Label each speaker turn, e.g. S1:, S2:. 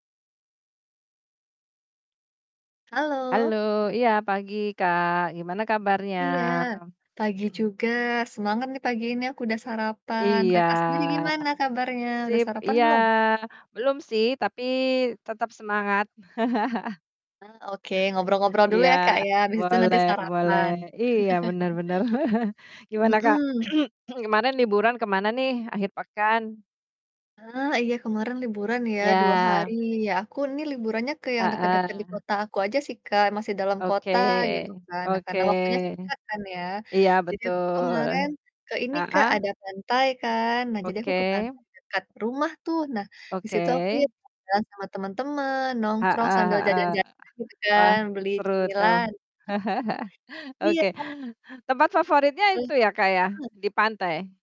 S1: Halo.
S2: Halo, iya pagi, Kak, gimana kabarnya?
S1: Iya, pagi juga. Semangat nih pagi ini, aku udah sarapan.
S2: Iya,
S1: Kakak sendiri gimana kabarnya? Udah
S2: sip.
S1: sarapan
S2: Iya,
S1: belum?
S2: belum sih tapi tetap semangat.
S1: Nah, oke. Ngobrol-ngobrol dulu
S2: Iya,
S1: ya Kak ya, abis itu nanti
S2: boleh boleh.
S1: sarapan.
S2: Iya, benar benar. Gimana Kak?
S1: Mhm.
S2: Kemarin liburan ke mana nih, akhir pekan?
S1: Ah iya, kemarin liburan ya, 2
S2: Iya.
S1: hari. Ya aku nih liburannya ke yang dekat-dekat di
S2: Heeh.
S1: kota aku aja sih Kak, masih dalam
S2: Oke,
S1: kota gitu kan. Nah
S2: oke.
S1: karena waktunya singkat kan ya.
S2: Iya
S1: Jadi aku tuh
S2: betul.
S1: kemarin ke ini Kak,
S2: Heeh.
S1: ada pantai kan. Nah jadi aku ke
S2: Oke.
S1: pantai dekat rumah tuh. Nah, di situ aku ya
S2: Oke.
S1: jalan sama teman-teman, nongkrong
S2: Heeh
S1: sambil
S2: heeh,
S1: jajan jajan gitu
S2: wah,
S1: kan, beli
S2: seru tuh.
S1: cemilan. Iya,
S2: Oke.
S1: Kak.
S2: Tempat favoritnya
S1: Wuih,
S2: itu ya Kak ya,
S1: keren ya.
S2: di pantai?